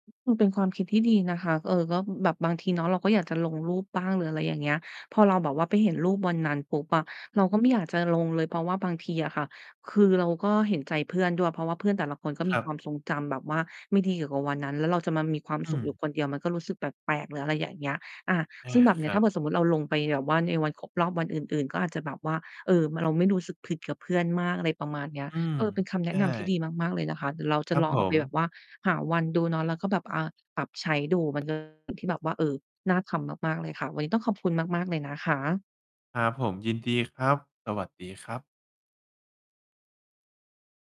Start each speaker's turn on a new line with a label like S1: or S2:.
S1: มันเป็นความคิดที่ดีนะคะ เออ ก็แบบบางทีเนาะเราก็อยากจะลงรูปบ้างหรืออะไรอย่างเงี้ย พอเราแบบว่าไปเห็นรูปวันนั้นปุ๊บอะ เราก็ไม่อยากจะลงเลย เพราะว่าบางทีอะค่ะ คือเราก็เห็นใจเพื่อนด้วย เพราะว่าเพื่อนแต่ละคนก็
S2: ค
S1: มี
S2: รั
S1: คว
S2: บ
S1: ามทรงจำแบบว่าไม่ดีเกี่ยวกับวันนั้น แล้วเราจะมามีความ
S2: อื
S1: สุข
S2: ม
S1: อยู่คนเดียว มันก็รู้สึกแปลก ๆ หรืออะไรอย่างเงี้ย อา
S2: อ
S1: ซ
S2: า
S1: ึ่งแบบนี
S2: ค
S1: ้
S2: ร
S1: ถ
S2: ั
S1: ้า
S2: บ
S1: เกิดสมมุติเราลงไปแบบว่าในวันครบรอบวันอื่น ๆ ก็อาจจะแบบว่า เออ เราไม่รู้สึกผิดกับเพื่อนมากอะไรประมาณเนี้ย
S2: อืม
S1: เออ เป็นคำแน
S2: ใช
S1: ะ
S2: ่
S1: นำที่ดีมาก ๆ เลยนะคะ เดี๋ยวเราจ
S2: ค
S1: ะ
S2: รับ
S1: ลอง
S2: ผ
S1: เอาไปแบ
S2: ม
S1: บว่าหาวันดูเนาะ แล้วก็แบบ อ่า ปรับใช้ดู มันก็ ที่แบบว่า เออ น่าทำมาก ๆ เลยค่ะ วันนี้ต้องขอบคุณมาก ๆ เลยนะคะ
S2: ครับผม ยินดีครับ สวัสดีครับ